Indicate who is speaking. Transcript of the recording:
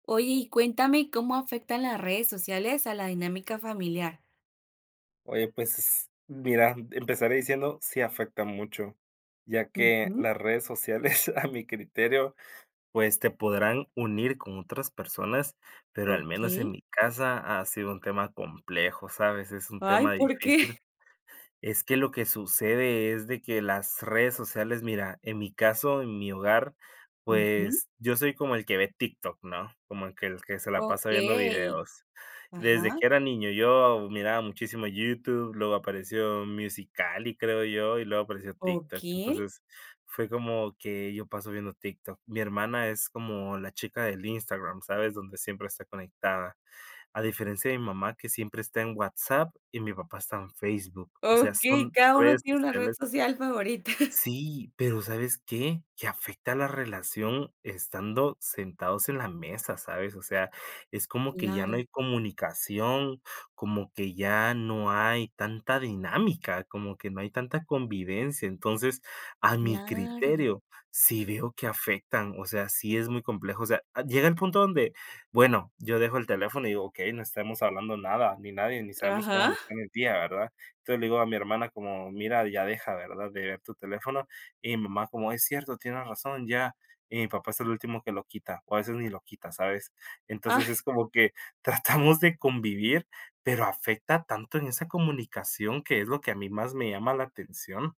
Speaker 1: Oye, y cuéntame cómo afectan las redes sociales a la dinámica familiar.
Speaker 2: Oye, pues mira, empezaré diciendo, sí afecta mucho. Ya que
Speaker 1: Ujú.
Speaker 2: las redes sociales, a mi criterio, pues te podrán unir con otras personas, pero al menos en
Speaker 1: Okey.
Speaker 2: mi casa ha sido un tema complejo, ¿sabes? Es un
Speaker 1: Ay,
Speaker 2: tema
Speaker 1: ¿por qué?
Speaker 2: difícil. Es que lo que sucede es de que las redes sociales, mira, en mi caso, en mi hogar,
Speaker 1: Ujú.
Speaker 2: pues yo soy como el que ve TikTok, ¿no? Como el que el que se la pasa viendo
Speaker 1: Okey.
Speaker 2: videos. Desde
Speaker 1: Ajá.
Speaker 2: que era niño, yo miraba muchísimo YouTube, luego apareció Musical.ly, creo yo, y luego apareció TikTok.
Speaker 1: Okey.
Speaker 2: Entonces, fue como que yo paso viendo TikTok. Mi hermana es como la chica del Instagram, ¿sabes? Donde siempre está conectada. A diferencia de mi mamá, que siempre está en WhatsApp y mi papá está en Facebook, o sea,
Speaker 1: Okey,
Speaker 2: son
Speaker 1: cada uno
Speaker 2: redes
Speaker 1: tiene una red
Speaker 2: sociales
Speaker 1: social favorita.
Speaker 2: Sí, pero, ¿sabes qué?, que afecta la relación estando sentados en la mesa, ¿sabes?, o sea, es como que ya no
Speaker 1: Claro.
Speaker 2: hay comunicación, como que ya no hay tanta dinámica, como que no hay tanta convivencia. Entonces, a mi
Speaker 1: Claro.
Speaker 2: criterio, sí veo que afectan. O sea, sí es muy complejo, o sea, ad llega el punto donde, bueno, yo dejo el teléfono y digo, okey, no estamos hablando nada, ni nadie ni sabemos cómo
Speaker 1: Ajá.
Speaker 2: nos fue en el día, ¿verdad? Entonces le digo a mi hermana como: "Mira, ya deja, ¿verdad?, de ver tu teléfono". Y mi mamá como: "Es cierto, tiene razón, ya". Y mi papá es el último que lo quita o a veces ni lo quita, ¿sabes? Entonces es
Speaker 1: ¡Ay!
Speaker 2: como que tratamos de convivir, pero afecta tanto en esa comunicación que es lo que a mí más me llama la atención.